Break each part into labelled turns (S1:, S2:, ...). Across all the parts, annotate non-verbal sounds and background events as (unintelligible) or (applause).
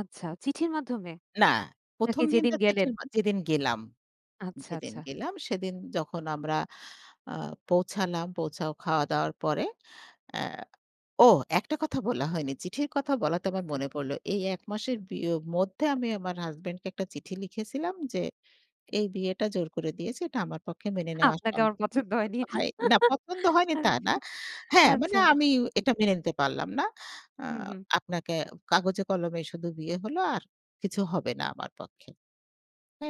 S1: আচ্ছা। চিঠির মাধ্যমে?
S2: না,
S1: নাকি
S2: ১ম
S1: যেদিন
S2: দিনটা
S1: গেলেন।
S2: (unintelligible) যেদিন গেলাম
S1: আচ্ছা,
S2: যেদিন
S1: আচ্ছা।
S2: গেলাম সেদিন যখন আমরা আ পৌঁছালাম পৌঁছায় খাওয়া-দাওয়ার পরে এ্যা ও একটা কথা বলা হয়নি। চিঠির কথা বলা তো আমার
S1: আচ্ছা।
S2: মনে পড়ল। এই ১ মাসের বিও মধ্যে আমি আমার হাসবেন্ড কে একটা চিঠি লিখেছিলাম যে, এই বিয়েটা জোর করে দিয়েছি। এটা আমার পক্ষে মেনে নেওয়া
S1: আপনাকে আমার
S2: (unintelligible)
S1: পছন্দ হয়নি।
S2: না পছন্দ হয়নি তা না। হ্যা,
S1: আচ্ছা,
S2: মানে
S1: আচ্ছা।
S2: আমি
S1: উ
S2: এটা মেনে নিতে পারলাম না। আ
S1: হু, হুম।
S2: আপনাকে কাগজে কলমে শুধু বিয়ে হল আর কিছু হবে না আমার পক্ষে। হ্যা,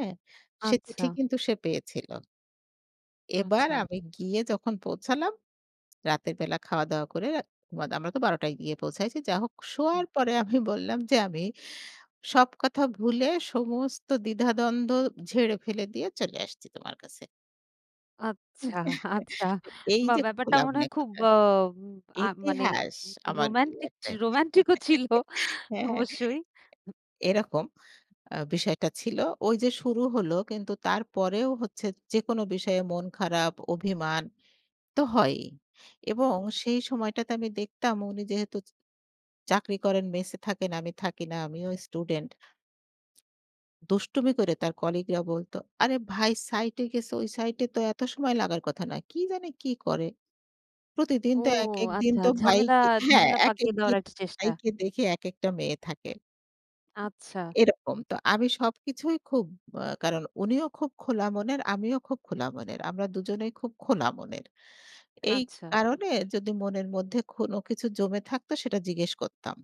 S2: সে চিঠি
S1: আচ্ছা।
S2: কিন্তু সে পেয়েছিল। এবার
S1: আচ্ছা।
S2: আমি গিয়ে যখন পৌঁছালাম। (tsk) রাতের বেলা খাওয়া-দাওয়া করে, মাদ আমরা তো ১২টায় গিয়ে পৌঁছায়ছি যা হোক
S1: হুম।
S2: শোয়ার পরে আমি বললাম যে, আমি সব কথা ভুলে সমস্ত দ্বিধাদ্বন্দ্ব ঝেড়ে ফেলে দিয়ে চলে আসছি তোমার কাছে।
S1: আচ্ছা, আচ্ছা
S2: (chuckles) এই
S1: বা
S2: যে,
S1: ব্যাপারটা
S2: খোলা
S1: মনে
S2: মনে
S1: হয় খুব
S2: কথা।
S1: অ আ মানে
S2: ইতিহাস আমার
S1: রোমান্টিক,
S2: বিয়েতে
S1: রোমান্টিক ও ছিল
S2: (chuckles) হ্যা
S1: অবশ্যই।
S2: এরকম আ বিষয়টা ছিল। ওই যে, শুরু হল কিন্তু তারপরেও হচ্ছে যেকোন বিষয়ে মন খারাপ অভিমান তো হয়ই। এবং
S1: হুম।
S2: সেই সময়টাতে আমি দেখতাম উনি যেহেতু চ চাকরি করেন মেসে থাকেন, আমি থাকি না, আমিও স্টুডেন্ট। দুষ্টুমি করে তার কলিগরা বলতো, "আরে ভাই সাইটে গেছে ওই সাইটে এ তো এত সময় লাগার কথা না, কি জানে কি করে। প্রতিদিন
S1: ও
S2: তো এক, এক, দিন
S1: আচ্ছা,
S2: তো
S1: ঝামেলা,
S2: ভাইকে হ্যা
S1: ঝামেলা,
S2: এক, এক,
S1: পাকিয়ে দেওয়ার
S2: দিন
S1: একটা চেষ্টা।
S2: ভাইকে দেখে এক একটা মেয়ে থাকে"।
S1: আচ্ছা।
S2: এরকম তো আমি সবকিছুই খুব আ কারণ উনিও খুব খোলা মনের আমিও খুব খোলা মনের। আমরা ২ জনেই খুব খোলা মনের। এই
S1: আচ্ছা।
S2: কারণে যদি মনের মধ্যে কোন কিছু জমে থাকত সেটা জিজ্ঞেস করতাম।